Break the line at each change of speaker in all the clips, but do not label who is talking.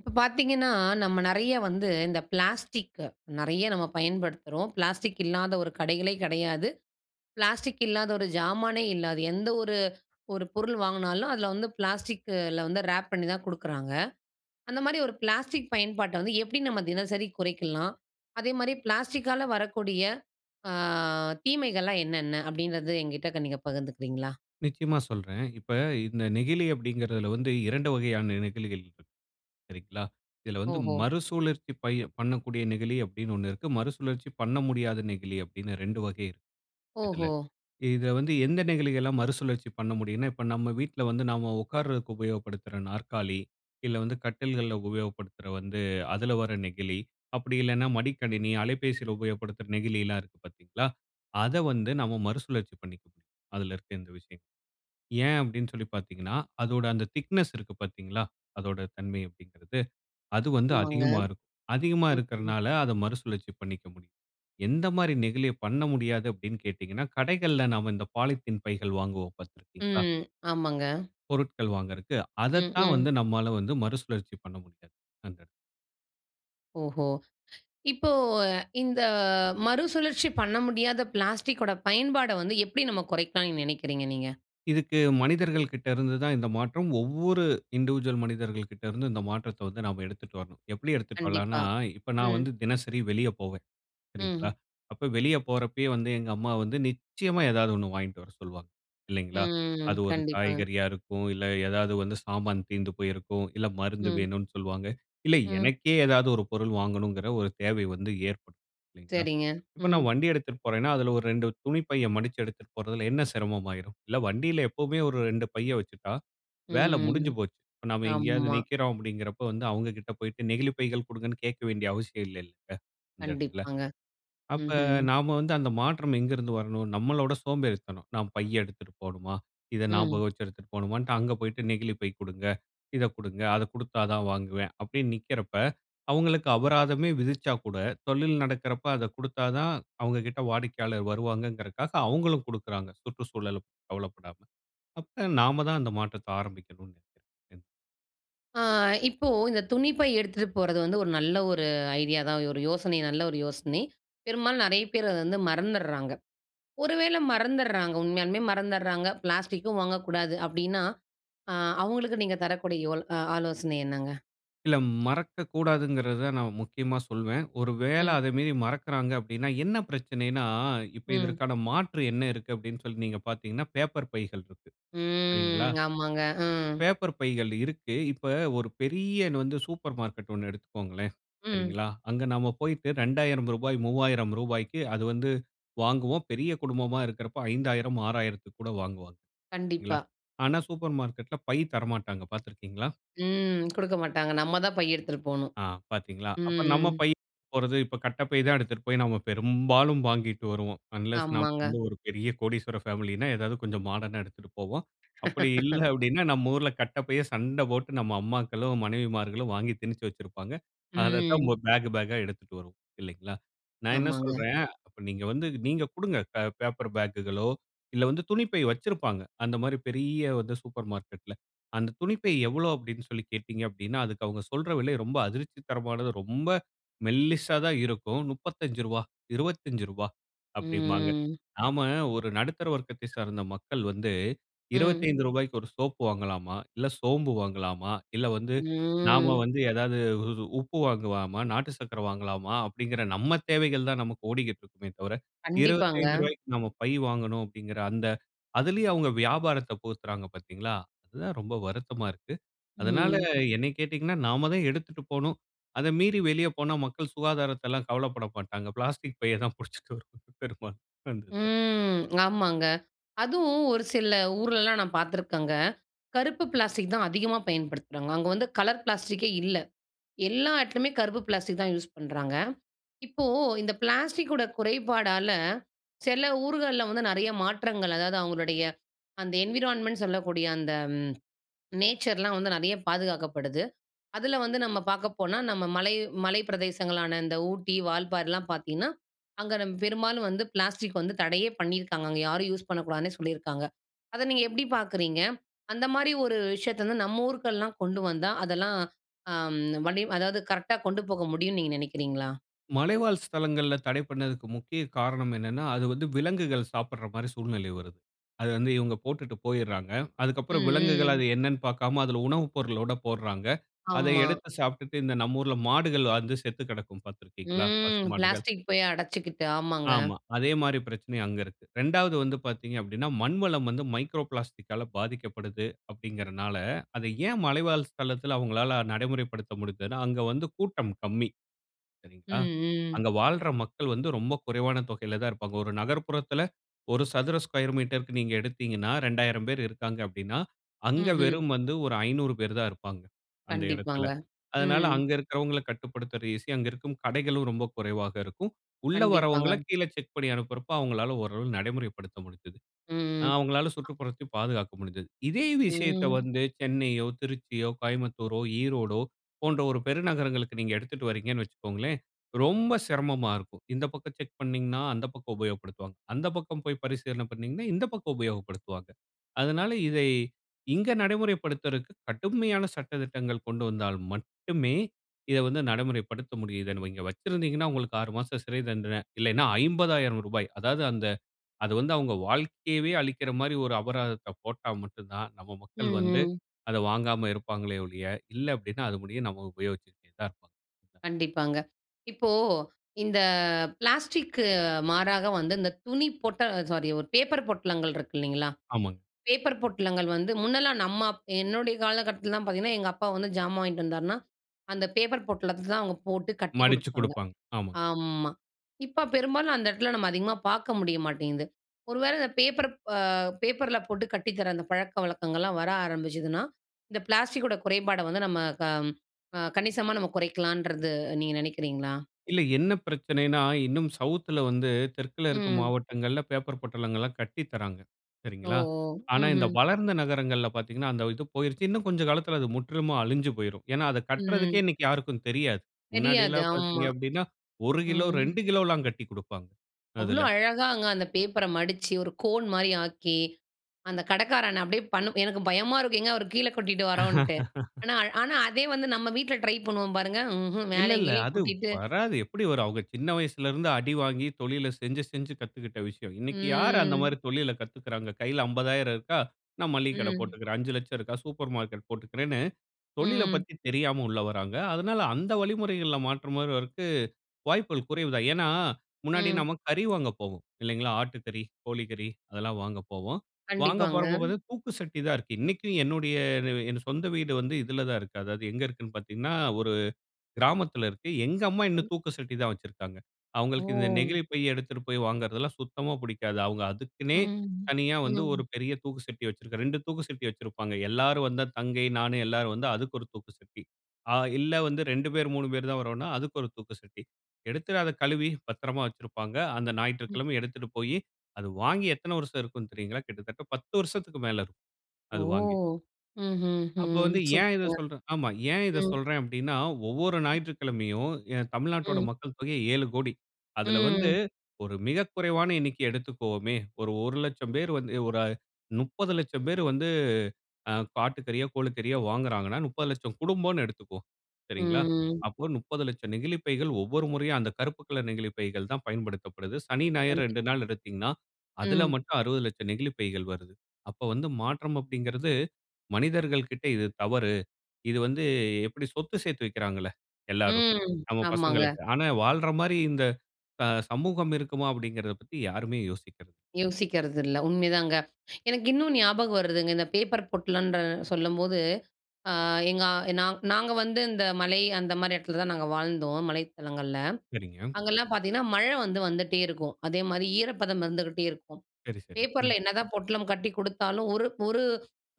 இப்போ பாத்தீங்கன்னா, நம்ம நெறைய வந்து இந்த பிளாஸ்டிக்க நெறைய நம்ம பயன்படுத்துறோம், பிளாஸ்டிக் இல்லாத 1 கடைகளே கிடையாது. பிளாஸ்டிக் இல்லாத ஒரு ஜாமானே இல்ல. அது எந்த ஒரு 1 பொருள் வாங்குனாலும், அதில வந்து பிளாஸ்டிக்குல வந்து ராப் பண்ணித்தான் குடுக்குறாங்க. அந்த மாரி ஒரு பிளாஸ்டிக் பயன்பாட்ட வந்து எப்டி நம்ம தினசரி குறைக்கலாம்? அதேமாரி பிளாஸ்டிக்கால வரக்கூடிய அ தீமைகள்லாம் என்னென்ன அப்படின்றது என்கிட்ட க நீங்க பகிர்ந்துக்குறீங்களா?
நிச்சயமா சொல்றேன். இப்ப இந்த நெகிழி அப்படிங்கிறதுல வந்து 2 வகையான நெகிழிகள் இருக்கு, சரிங்களா? இதில வந்து
ஓஹோ!
மறுசுழற்சி பய பண்ணக்கூடிய நெகிழி அப்டின்னு ஒண்ணு இருக்கு. மறுசுழற்சி பண்ண முடியாத நெகிழி அப்டின்னு 2 வகை இருக்கு. இதுல
ஓஹோ!
இத வந்து எந்த நெகிழிகள்லாம் மறுசுழற்சி பண்ண முடியுன்னா, இப்ப நம்ம வீட்ல வந்து நாம உக்கார்றதுக்கு உபயோகப்படுத்துற நாற்காலி இல்ல வந்து கட்டில்கள்ல உபயோகப்படுத்துற வந்து அதுல வர நெகிழி, அப்படி இல்லன்னா மடிக்கணினி, அலைபேசில உபயோகப்படுத்துற நெகிழி எல்லாம் இருக்கு பாத்தீங்களா, அத வந்து நம்ம மறுசுழற்சி பண்ணிக்க முடியும். அதில இருக்க இந்த விஷயங்கள. ஏன் அப்டின்னு சொல்லி பாத்தீங்கன்னா, அதோட அந்த திக்னெஸ் இருக்கு, பாத்தீங்களா? அதோட தன்மை அப்டிங்கிறது, அது வந்து
ஆமாங்க.
அதிகமா இருக்கும். அதிகமா
ம், ம்.
இருக்கறதனால அத மறுசுழற்சி பண்ணிக்க முடியும். எந்த மாதிரி நெகிழிய பண்ண முடியாது அப்டின்னு கேட்டீங்கன்னா, கடைகள்ல நாம இந்த பாலித்தீன் பைகள் வாங்குவோம், பாத்துருக்கீங்களா?
ம், ஆமாங்க.
பொருட்கள் வாங்குறதுக்கு
ம்,
அதத்தான் வந்து
ம்.
நம்மால வந்து மறுசுழற்சி பண்ண முடியாது. அந்த
ஓஹோ! இப்போ இந்த மறுசுழற்சி பண்ண முடியாத பிளாஸ்டிக்கோட பயன்பாடு வந்து எப்பிடி நம்ம குறைக்கலான்னு நினைக்கிறீங்க நீங்க?
இதுக்கு மனிதர்கள்கிட்ட இருந்து தான் இந்த மாற்றம் ஒவ்வொரு இன்டிவிஷூவல் மனிதர்கள்கிட்ட இருந்து, இந்த மாற்றத்த வந்து நாம் எடுத்துட்டு வரணும். எப்பிடி எடுத்துட்டு வரலான்னா,
கண்டிப்பா.
இப்ப நான்
ம்.
வந்து தினசரி வெளிய போவேன். சரிங்களா.
ம்.
அப்ப வெளிய போறப்பயே வந்து எங்க அம்மா வந்து நிச்சயமா ஏதாவது ஒன்னு வாங்கிட்டு வர சொல்வாங்க. இல்லைங்களா?
ம்.
அது ஒரு
கண்டிப்பாங்க.
காய்கறியா இருக்கும். இல்ல ஏதாவது வந்து சாமான் தீர்ந்து போயிருக்கும். இல்ல மருந்து
ம்.
வேணுனு சொல்வாங்க. இல்ல
ம்.
எனக்கே ஏதாவது ஒரு பொருள் வாங்கணும்ங்கிற ஒரு தேவை வந்து ஏற்படும். இல்லேங்களா?
சரிங்க.
இப்ப
ம்.
நான் வண்டி எடுத்துட்டுப்போறேன்னா அதில ஒரு 2 துணிப் பைய மடிச்சு எடுத்துட்டு போறதில்ல என்ன சிரமம் ஆயிரும்? இல்ல வண்டியில எப்பவுமே ஒரு 2 பைய வச்சுட்டா, வேல
ம், ம்.
முடிஞ்சுப் போச்சு. இப்ப நம்ம எங்கேயாவது
ஆமா.
நிக்கிறோம் அப்பிடிங்கிறப்போ வந்து, அவுங்கக்கிட்ட போயிட்டு, நெகிழிப்பைகள் கொடுங்கன்னு கேட்க வேண்டிய அவசியம் இல்லைல்லங்க, இந்த இடத்தில.
கண்டிப்பாங்க.
அப்ப
ம்ஹ்ம்.
நாம வந்து அந்த மாற்றம் எங்க இருந்து வரணும்? நம்மளோட சோம்பேறித்தனம். நாம் பை எடுத்துட்டுப் போணுமா? இத
ம்.
ஞாபகம் வச்சு எடுத்துட்டு போணுமான்ட்டு, அங்க போயிட்டு நெகிழி பை குடுங்க இத குடுங்க, அத குடுத்தா தான் வாங்குவேன். அப்பிடின்னு நிற்கிறப்ப, அவுங்களுக்கு அபராதமே விதிச்சாக்கூட, தொழில் நடக்கிறப்ப அத கொடுத்தா தான் அவுங்கக்கிட்ட வாடிக்கையாளர் வருவாங்கிறக்காக, அவுங்களும் குடுக்கிறாங்க. சுற்றுச்சூழலப்பத்தி கவலைப்படாம அப்ப நாம தான் அந்த மாற்றத்த ஆரம்பிக்கணும் நெனைக்கிறேன். [unintelligible]
அ இப்போ இந்த துணிப்பை எடுத்துட்டு போறது வந்து, ஒரு நல்ல ஒரு ஐடியா தான். ஒரு யோசனை நல்ல ஒரு யோசனை. பெரும்பாலும் நெறைய பேர் அத வந்து மறந்தர்றாங்க. ஒரு வேளை மறந்துருறாங்க உண்மையாலுமே, மறந்துருறாங்க. பிளாஸ்டிக்கும் வாங்கக்கூடாது அப்டீன்னா, அ அவங்களுக்கு நீங்க தரக்கூடிய யோ ஆலோசனை என்னங்க?
இல்ல மறக்கக்கூடாதென்குறது நான் முக்கியமா சொல்வேன். ஒரு வேளை
ம்.
அத மீறி மறக்குறாங்க அப்டீன்னா, என்ன பிரச்சனைனா இப்போ
ம்.
இதற்கான மாற்று என்ன இருக்குதுனு அப்டீன்னு, சொல்லி நீங்க பாத்தீங்கன்னா, பேப்பர் பைகள் இருக்கு. சரிங்களா.
ம், ஆமாங்க, அ.
பேப்பர் பைகள் இருக்கு. இப்போ ஒரு பெரிய வந்து சூப்பர் மார்க்கெட் ஒண்ணு எடுத்துக்கொள்ளுங்களேன்,
ம்.
சரிங்களா. அங்க நம்ப போயிட்டு ரூ.2000 ரூ.3000 க்கு அது வந்து வாங்குவோம். பெரிய குடும்பமா இருக்குறப ரூ.5000 ரூ.6000 த்திற்கு கூட வாங்குவாங்க.
கண்டிப்பா.
ஆனா, சூப்பர் மார்க்கெட்‌ல பை தரமாட்டாங்க பாத்து இருக்குறீர்களா?
ம். குடுக்க மாட்டாங்க, நம்ப தான் பை எடுத்துட்டு போகணும்.
ஆ பாத்தீங்களா, அப்ப நம்ப
ம்
பை போறது இப்ப கட்டப்பை தான் எடுத்துகிட்டு போய் நம்ப பெரும்பாலும் வாங்கிட்டு வருவோம். அன்லெஸ் நம்ப
ஆமாங்க.
வந்து ஒரு பெரிய கோடீஸ்வரர் ஃபேமிலினா, ஏதாவது கொஞ்சம் மாடர்னா எடுத்துட்டு போவோம். அப்படி இல்லனா, அப்படினா நம்ப ஊரில் கட்டைப்பையை சண்டை போட்டு நம்ப அம்மாக்களோ மனைவிமார்களோ வாங்கி திணிச்சி வச்சிருப்பாங்க. அத தான்
ம்.
பேக் பேக்கா எடுத்துட்டு வருவோம், இல்லங்களா. நான் என்ன
ஆமாங்க.
சொல்லுறேன். அப்ப நீங்க வந்து நீங்க குடுங்க பேப்பர் பேக்குகளோ, இல்ல வந்து துணிப்பை வைச்சிருப்பாங்க. அந்த மாதிரி பெரிய வந்து சூப்பர் மார்க்கெட்‌ல அந்த துணிப்பை எவ்வளவு அப்டீன்னு சொல்லி கேட்டீர்கள் அப்டீன்னா, அதற்கு அவங்க சொல்லுற விலை ரொம்ப அதிர்ச்சி தரமானது. ரொம்ப மெல்லிசா தான் இருக்கும். ரூ.35 ரூ.25 அப்படின்பாங்க.
ம்.
நம்ப ஒரு நடுத்தர வர்க்கத்த சார்ந்த மக்கள் வந்து "இருபத்தி
ம்.
அஞ்சி ரூபா க்கு ஒரு சோப் வாங்கலாமா இல்ல, சோம்பு வாங்கலாமா இல்ல வந்து நம்ப
ம்.
வந்து ஏதாவது உப்பு வாங்கலாமா, நாட்டு சர்க்கரை வாங்கலாமா" அப்டீங்குற நம்ப தேவைகள் தான் நமக்கு ஓடிக்கிட்டு இருக்குமே தவிர, இருபத்தி
கண்டிப்பாங்க.
அஞ்சி ரூபாய் க்கு நம்ப பை வாங்கனு அப்படீங்குற அந்த அதுலேயும் அவங்க வியாபாரத்த பாத்தீர்களா அதுதான் ரொம்ப வருத்தமா இருக்குது. அதுனால
ம்.
என்னைய கேட்டீங்கன்னா, நம்ப தான் எடுத்துட்டு போகணும். அத மீறி வெளியே போனா மக்கள் சுகாதாரத்த எல்லாம் கவலைப்பட மாட்டாங்க. பிளாஸ்டிக் பைய தான் பிடிச்சி வரும் பெரும்பாலும்
ம் ஆமாங்க. அதுவும் ஒரு சில ஊர்லலாம் நான் பாத்துருக்கேங்க, கருப்பு பிளாஸ்டிக் தான் அதிகமா பயன்படுத்துறாங்க. அங்க வந்து கலர் பிளாஸ்டிக்கே இல்ல. எல்லா இடத்துலயுமே கருப்பு பிளாஸ்டிக் தான் யூஸ் பண்ணுறாங்க. இப்போ இந்த பிளாஸ்டிக்கோட குறைபாடல்ல சில ஊர்கள்ல வந்து நெறைய மாற்றங்கள், அதாவது அவங்களுடைய அந்த என்விரான்மென்ட் சொல்லக்கூடிய அந்த நேச்சர்லாம் வந்து நெறைய பாதுகாக்கப்படுது. அதுல வந்து நம்ப பாக்க போனா நம்ப மலை மலை பிரதேசங்களான இந்த ஊட்டி, வால்பாறைலாம் பாத்தீங்கன்னா, அங்க நம்ப பெரும்பாலும் வந்து பிளாஸ்டிக் வந்து தடையே பண்ணியிருக்காங்க. அங்க யாரும் யூஸ் பண்ணக்கூடாதுன்னே சொல்லியிருக்காங்க. அத நீங்க எப்படி பாக்குறீங்க? அந்த மாதிரி ஒரு விஷயத்த வந்து நம்ப ஊருக்குலாம் கொண்டு வந்தா, அதெல்லாம் வடி அதாவது கரெக்டா கொண்டு போக முடியும்னு நீங்க நினைக்கிறீங்களா?
மலைவாழ் ஸ்தலங்கள்ல தடை பண்ணுதுக்கு முக்கிய காரணம் என்னனா, அது வந்து விலங்குகள் சாப்படுற மாரி சூழ்நிலை வருது. அத வந்து இவங்க போட்டுட்டு போய்றாங்க.
ம்,
அதுக்குப்புறம் விலங்குகள்
ம்.
அது என்னனு பார்க்காம அதுல உணவு பொருளோட போடுறாங்க. அதை
ஆமா.
எடுத்து சாப்ட்டுட்டு இந்த நம்ம ஊருல மாடுகள் வந்து செத்து கெடக்கும் பார்த்திருக்கிறீர்களா? பசு
ம்.
மாடுகள்.
பிளாஸ்டிக் போய் அடைச்சுக்கிட்டு ஆமாங்க.
ஆமா. அதே மாரி பிரச்சனை அங்கு இருக்கு. 2வது வந்து பார்த்தீங்க அப்டின்னா, மண்வளம் வந்து மைக்ரோ பிளாஸ்டிக்கால பாதிக்கப்படுது. அப்டிங்கறனால அதை ஏன் மலைவாழ் ஸ்தளத்துல அவங்களால நடைமுறைப்படுத்த முடிந்துன்னா, அங்க வந்து கூட்டம் கம்மி.
ம்,
சரிங்களா,
ம்.
அங்க வாழ்ற மக்கள் வந்து ரொம்ப குறைவான தொகையில தான் இருப்பாங்க. ஒரு நகர்ப்புறத்துல 1 சதுர ஸ்கேயர் மீட்டர்‌க்கு நீங்க எடுத்தீங்கன்னா, 2000 பேரு இருக்காங்க அப்டின்னா அங்க
ம்ஹ்ம்.
வெறும் வந்து ஒரு 500 பேரு தான் இருப்பாங்க. அந்த இடத்துல.
கண்டிப்பாங்க.
அதனால
ம்.
அங்க இருக்கறவங்கள கட்டுப்படுத்றது ஈசி, அங்க இருக்கும் கடைகளும் ரொம்ப குறைவாக இருக்கும். உள்ள வரவங்கள
கண்டிப்பாங்க.
கீழே செக் பண்ணி அனுப்புறப்போ அவங்களால ஓரளவு நடைமுறைப்படுத்த முடிஞ்சது. ஆ
ம், ம்.
அவங்களால சுற்றுப்புறத்த பாதுகாக்க முடிஞ்சது. இதே விஷயத்த
ம்.
வந்து சென்னையோ, திருச்சியோ, கோயம்புத்தூரோ, ஈரோடோ போன்ற ஒரு பெருநகரங்களுக்கு நீங்க எடுத்துட்டுவரிங்ன்னு வச்சுக்கோங்களேன், ரொம்ப சிரமமா இருக்கும். இந்த பக்கம் செக் பண்ணினீங்கன்னா, அந்த பக்கம் உபயோகப்படுத்துவாங்க. அந்த பக்கம் போய் பரிசீலனை பண்ணினீங்கன்னா, இந்த பக்கம் உபயோகப்படுத்துவாங்க. அதனால இதை இங்க நடைமுறைப்படுத்துறதுக்கு கடுமையான சட்ட திட்டங்கள் கொண்டு வந்தால் மட்டுமே, இத வந்து நடைமுறைப்படுத்த முடியுது. இங்க வச்சிருந்தீங்கன்னா உங்களுக்கு 6 மாச சிறை தண்டன இல்லன்னா ரூ.50,000 அதாது அந்த அது வந்து அவங்க வாழ்க்கையவே அழிக்கிற மாரி ஒரு அபராதத்த போட்டா மட்டும் தான். நம்ம மக்கள் வந்து
ம்ஹ்ம்.
அத வாங்காம இருப்பாங்களே ஒழிய, இல்ல அப்டின்னா, அது முடிய நம்ம உபயோகிச்சுட்டே தான் இருப்போம் அ.
கண்டிப்பாங்க. இப்போ, இந்த பிளாஸ்டிக் மாறாக வந்து இந்த துணி பொட்டல் சாரி ஒரு பேப்பர் பொட்டலங்கள் இருக்குல்லைங்களா?
ஆமாங்.
பேப்பர் பொட்டலங்கள் வந்து முன்னலாம் நம்ம என்னுடைய காலகட்டத்துலலாம் பார்த்தீங்கன்னா, எங்க அப்பா வந்து ஜாமான் வாங்கிட்டு வந்தாருன்னா, அந்த பேப்பர் பொட்டலத்த தான் அவங்க போட்டு கட்டிக்
மடிச்சுக்
குடுப்பாங்க.
குடுப்பாங்க. ஆமாங்.
ஆமா இப்ப பெரும்பாலும் அந்த இடத்துல நம்ம அதிகமா பார்க்க முடிய மாட்டேங்குது. ஒரு வேள இந்த பேப்பர் ஆ பேப்பரில போட்டு கட்டி தர அந்த பழக்கவழக்கங்கள்லாம் வர ஆரம்பிச்சுதுன்னா, இந்த பிளாஸ்டிக்கோட குறைபாட வந்து நம்ம க கணிசமா நம்ம குறைக்கலன்றது நீங்க நினைக்கிறீங்களா?
இல்ல என்ன பிரச்சனைன்னா, இன்னும் சவுத்‌ ல வந்து தெற்க்குல இருக்க
ம்.
மாவட்டங்கள்ல பேப்பர் பொட்டலங்கள்லாம் கட்டி தராங்க. சரிங்களா,
ஓஹோ!
ஆனா இந்த
ம்ஹ்ம்.
வளர்ந்த நகரங்கள்ல பார்த்தீங்கன்னா, அந்த இது போயிருச்சு இன்னும் கொஞ்சம் காலத்துல அது முற்றிமா அழிஞ்சு போயிரும். ஏனா, அத கட்றதுக்கே
ம்.
இன்னைக்கு யாருக்கும் தெரியாது.
தெரியாது
முன்னாடிலாம்
ஆமா.
பார்த்தீங்க அப்டின்னா 1 கிலோ,
ம்.
2 கிலோலாம் கட்டிக் கொடுப்பாங்க
அவ்வளோ
அதுல.
அழகாங்க அந்த பேப்பர மடிச்சு, ஒரு கோன் மாரி ஆக்கி. அந்த கடைக்காரண்ண அப்படியே பண்ணும் எனக்கு பயமா இருக்கும் எங்க அவரு கீழ கொட்டிடுவரோன்ட்டு. ஆனா-ஆனா அதே வந்து நம்ம வீட்ல ட்ரை பண்ணுவோம் பாருங்க ம்ஹ்ம்
இல்ல
மேலயும்
இல்ல
கீழயும்
அது
கொட்டிட்டு.
வராது எப்படி வரும்? அவங்க சின்ன வயசுல இருந்து அடி வாங்கி தொழில செஞ்சு, செஞ்சு கத்துக்கிட்ட விஷயம். இன்னைக்கு யாரு அந்த மாரி
ம்.
தொழில கத்துக்கிறாங்க? கையில ரூ.50,000 இருக்கா நான் மல்லிக கட
ம்.
போட்டுக்குறேன். ரூ.5,00,000 இருக்கா சூப்பர் மார்க்கெட் போட்டுக்குறேன்னு தொழில
ம்.
பத்தி தெரியாம உள்ள வராங்க. அதனால அந்த வழிமுறைகள்ல மாற்ற மாறுவதற்கு வாய்ப்புகள் குறைவு தான். ஏன்னா, முன்னாடி
ம்.
நம்ம கறி வாங்க போவோம் இல்லைங்களா? ஆட்டுக்கறி, கோழி கறி அதெல்லாம் வாங்க போவோம். வாங்க
கண்டிப்பாங்க.
போகறப்போ பார்த்த தூக்கு சட்டி தான் இருக்கு. இன்னைக்கு என்னுடைய சொந்த வீடு வந்து. இதுல தான் இருக்கு. அதாவது எங்க இருக்குன்னு பார்த்தீங்கன்னா ஒரு கிராமத்துல இருக்கு. எங்க அம்மா இன்னும்
[unintelligible]
தூக்கு சட்டி தான் வச்சுருக்காங்க. அவங்களுக்கு இந்த
ஓ!
நெகிழிப்பை எடுத்துட்டு போய் வாங்கறதுலாம் சுத்தமா புடிக்காது. அவங்க அதுக்குன்னே
ம்,
தனியா வந்து ஒரு
ம்.
பெரிய தூக்கு சட்டி வச்சுருக்க 2 தூக்கு சட்டி வச்சுருப்பாங்க. எல்லாரும் வந்தா தங்கை, நானு எல்லாரும் வந்தா அதுக்கு ஒரு தூக்கு சட்டி. ஆ, இல்ல வந்து 2 பேர் 3 பேர் தான் வறோன்னா அதுக்கு ஒரு தூக்கு சட்டி எடுத்துட்டு அத கழுவி பத்தரமா வச்சுருப்பாங்க. அந்த
ம்.
ஞாயிற்றுக்கிழமை எடுத்துட்டு போய் அது வாங்கி எத்தன வருஷம் இருக்கும் தெரியுங்களா? கிட்டத்தட்ட 10 வருசத்துக்கு மேல இருக்கும்
ஓ!
அது வாங்கி.
ம்ஹ்ம்,
அப்போ
ம்ஹ்ம்.
வந்து ஏன்
சூப்பர்ங்க!
இத சொல்றேன் ஆமா, ஏன் இத
ம்.
சொல்றேன் அப்டின்னா ஒவ்வொரு
ம்
ஞாயிற்றுக்கிழமையும் ஏன் தமிழ்நாட்டோட
ம்.
மக்கள் தொகை 7 கோடி. அதுல வந்து
ம்.
ஒரு மிக குறைவான எண்ணிக்கை எடுத்துக்கொவோமே. ஒரு 1,00,000 பேர் வந்து ஒரு அ 30,00,000 பேரு வந்து ஆ ஆட்டு கறியோ, கோழி கறியோ வாங்குறாங்கன்னா, 30,00,000 குடும்போம் எடுத்துக்குவோம். சரிங்களா?
ம்.
அப்போ 30,00,000 நெகிழிப் பைகள் ஒவ்வொரு முறையா அந்த கருப்புக்கலர் நெகிழிப்பைகள் தான் பயன்படுத்தப்படுது. சனி, ஞாயிறு
கண்டிப்ப
2 நாள் எடுத்தீங்கன்னா, அதுல
ம்.
மட்டும் 60,00,000 நெகிழிப் பைகள் வருது. அப்ப வந்து மாற்றம் அப்டிங்குறது மனிதர்கள்க்கிட்ட இது தவறு. இது வந்து எப்படி சொத்து சேர்த்து வைக்கிறாங்கள்ள எல்லாரும்
ம்.
நம்ம
ஆமாங்க.
பசங்களுக்கு. ஆனா வாழ்ற மாரி இந்த ஆ சமூகம் இருக்குமா அப்டிங்கறத பத்தி யாருமே யோசிக்கல.
யோசிக்கறதுல்ல உண்மைதாங்க. எனக்கு இன்னும் ஞாபகம் வருதுங்க, இந்த பேப்பர் பொட்டலன்ற சொல்லும்போது. ஆ எங்க நாங் நாங்க வந்து இந்த மலை அந்த மாரி இடத்துல தான் நாங்க வாழ்ந்தோம் மலைத்தளங்கள்ல.
சரிங்க.
அங்கலாம் பார்த்தீங்கன்னா, மழ வந்து வந்துட்டே இருக்கும், அதேமாரி ஈரப்பதம் இருந்துட்டே இருக்கும்.
சரி, சரி. ம்.
பேப்பர்ல என்னதான் பொட்டலம் கட்டிக் குடுத்தாலும் ஒரு ஒரு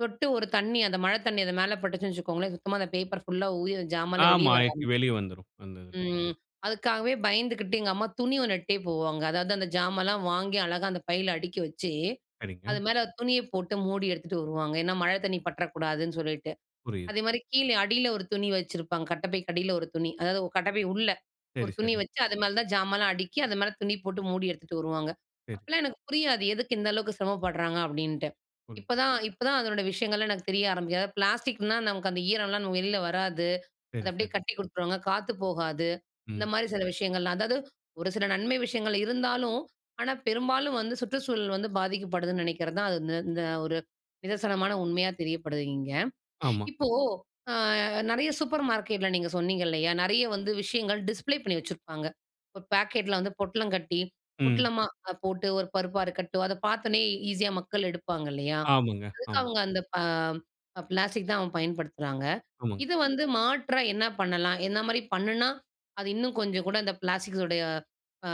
சொட்டு ஒரு தண்ணி அந்த மழ தண்ணி அது மேல பட்டுச்சுன்னு வச்சுக்கோங்களேன், சுத்தமா அந்த பேப்பர் ஃபுல்லா ஊறி அந்த ஜாமான்ல வெளிய
ஆமா.
வர
எக்கி
ஆரம்பிச்சு.
வெளியே வந்துரும் அந்த இதுல.
ம். அதுக்காவே பயந்துகிட்டு எங்க அம்மா துணி ஒன்ட்டே போவாங்க. அதாவது அந்த ஜாமல்லாம் வாங்கி அழகா அந்த பையில அடுக்கி வச்சு,
சரிங்க.
அது மேல துணிய போட்டு மூடி எடுத்துட்டு வருவாங்க. ஏன்னா, மழ தண்ணீ பற்றக்கூடாதுன்னு சொல்லிட்டு.
புரியிது.
அதே மாரி கீழ அடியில ஒரு துணி வச்சிருப்பாங்க, கட்டப்பைக்கு அடியில ஒரு துணி அதாவது கட்டப்பை உள்ள ஒரு
சரி,
துணி
சரி.
வச்சு, அது மேல தான் ஜாமான்லாம் அடுக்கி அது மேல துணி போட்டு மூடி எடுத்துட்டு வருவாங்க.
சரி.
அப்போலாம் எனக்கு புரியாது, எதுக்கு இந்த அளவுக்கு சிரமப்படுறாங்க அப்படின்ட்டு.
புரியிது.
இப்பதான் இப்பதான் அதனோட விஷயங்கள்லாம் எனக்கு தெரிய ஆரம்பிக்கது. பிளாஸ்டிக்னா நமக்கு அந்த ஈரம்லாம் வெளியில வராது, அத
சரி,
அப்படியே
சரி.
கட்டி குடுத்துருவாங்க, காத்து போகாது. இந்த
ம்.
மாரி சில விஷயங்கள்லாம் அதாவது ஒரு சில நன்மை விஷயங்கள் இருந்தாலும். ஆனா, பெரும்பாலும் வந்து சுற்றுச்சூழல் வந்து பாதிக்கப்படுதுன்னு நினைக்கிறது தான். அது இந்த இந்த ஒரு நிதர்சனமான உண்மையா தெரியப்படுது இங்க.
ஆமா.
இப்போ, ஆ நெறைய சூப்பர் மார்க்கெட்டில நீங்க சொன்னீங்க இல்லையா? நெறைய வந்து விஷயங்கள் டிஸ்ப்ளே பண்ணி வச்சிருப்பாங்க. ஒரு பேக்கெட்டில வந்து பொட்டலம் கட்டி
ம்.
பொட்டலமா போட்டு, ஒரு பருப்பா இருக்கட்டும். அத பார்த்தோனே ஈஸியா மக்கள் எடுப்பாங்கல்லையா?
ஆமாங்க,
அதுக்கு
ஆமா.
அவங்க அந்த அ பிளாஸ்டிக் தான் அவங்க பயன்படுத்துறாங்க.
ஆமாங்.
இத வந்து மாற்றா என்ன பண்ணலாம்? என்ன மாரி பண்ணுனா அது இன்னும் கொஞ்சம் கூட அந்த பிளாஸ்டிக்ஸோடைய ஆ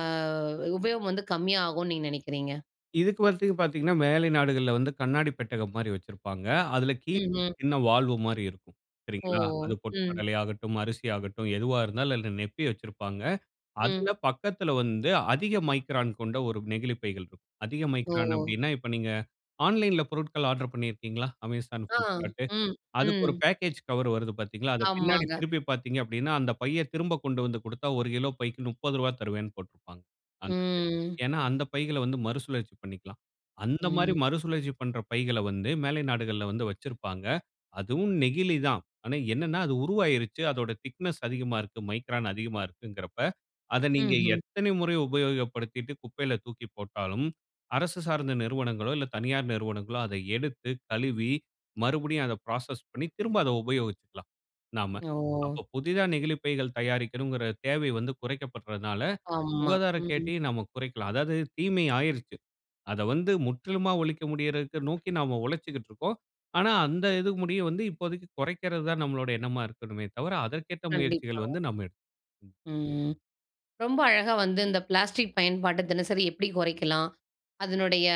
உபயோகம் வந்து கம்மியா ஆகுனு நீங்க நெனைக்கிறீங்க?
இதுக்கு வர்றதுக்கு பாத்தீங்கன்னா, மேலை நாடுகள்ல வந்து கண்ணாடிப் பெட்டகம் மாரி வச்சிருப்பாங்க. அதில கீழ
ம், அ.
சின்ன வால்வு மாரி இருக்கும்.
ஓ!
சரிங்களா! அது பொட்டுக்
ம்.
கடலையாகட்டும், அரிசி ஆகட்டும், எதுவா இருந்தாலும் அதுல நிரப்பி வச்சிருப்பாங்க. அதில
ம்.
பக்கத்தில வந்து அதிக மைக்ரான் கொண்ட ஒரு நெகிழிப் பைகள் இருக்கும். அதிக மைக்ரான்
ஓ!
அப்பிடின்னா, இப்ப நீங்க ஆன்லைன்ல பொருட்கள் ஆர்ட்ரு பண்ணியிருக்கீங்களா? Amazon,
ஆ,
Flipcartடு.
ம்,
அதுக்கு ஒரு
ம்.
பேக்கேஜ் கவர் வருது பாத்தீங்களா! அத பின்னாடி
ஆமாங்க.
திருப்பி பாத்தீங்க அப்பிடின்னா, அந்த பைய திரும்ப கொண்டு வந்து குடுத்தா 1 கிலோ பைக்கு ரூ. 30 தருவேன்னு போட்டிருப்பாங்க. [unintelligible]
ம்.
ஏன்னா, அந்த பைகள வந்து மறுசுழற்சி பண்ணிக்கலாம். அந்தமாரி
ம்.
மறுசுழற்சி பண்ற பைகள வந்து மேலை நாடுகள்ல வந்து வச்சிருப்பாங்க. அதுவும் நெகிழி தான். ஆனா, என்னன்னா, அது உருவாயிருச்சு. அதோட திக்னஸ் அதிகமா இருக்கு. மைக்ரான் அதிகமா இருக்குங்கிறப்ப, அத நீங்க
ம்ஹ்ம்.
எத்தனை முறை உபயோகப்படுத்திட்டு குப்பையில தூக்கி போட்டாலும், அரசு சார்ந்த நிறுவனங்களோ! இல்ல தனியார் நிறுவனங்களோ! அத எடுத்து கழுவி மறுபடியும் அத ப்ராசஸ் பண்ணி, திரும்ப அத உபயோகிச்சிக்கலாம் நாம.
ஓ!
அப்ப புதிதா நெகிழிப்பைகள் தயாரிக்கணுங்கிற தேவை வந்து குறைக்கப்பட்றனால,
ஆமா,
சுகாதார
ம்.
கேட்டயும் நாம குறைக்கலாம். அதாவது தீமை ஆயிருச்சு. அத வந்து முற்றிலுமா ஒழிக்க முடியிறதுக்கு நோக்கி நாம உழச்சிக்கிட்டுருக்கோம். ஆனா, அந்த இது முடிய வந்து இப்போதைக்கு கொறைக்கிறது தான் நம்மளோடைய எண்ணமா இருக்கணுமே தவிர, அதற்கேற்ற
கண்டிப்பா.
முயற்சிகள் வந்து நம்ம எடுத்து ம்.
ம். ரொம்ப அழகா வந்து இந்த பிளாஸ்டிக் பயன்பாட்ட தினசரி எப்டி கொறைக்கலாம்? அதனுடைய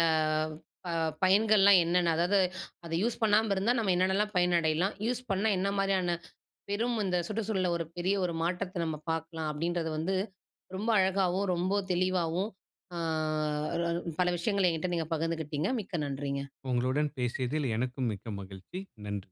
அ பயன்கள்லாம் என்னன்ன! அதாவது, அத "யூஸ் பண்ணாம இருந்தா நம்ம என்னான்னலாம் பயனடையலாம். யூஸ் பண்ணா என்னா மாரியான பெரும் இந்த சுற்றுச்சூழல்ல ஒரு பெரிய ஒரு மாற்றத்த நம்ம பாக்கலாம்," அப்டின்றத வந்து ரொம்ப அழகாவும், ரொம்ப தெளிவாவும், ஆ அதாவது பல விஷயங்கள என்ட்ட நீங்க பகிர்ந்துகிட்டீங்க. மிக்க நன்றிங்க.
உங்களுடன் பேசியதில் எனக்கும் மிக்க மகிழ்ச்சி. நன்றி.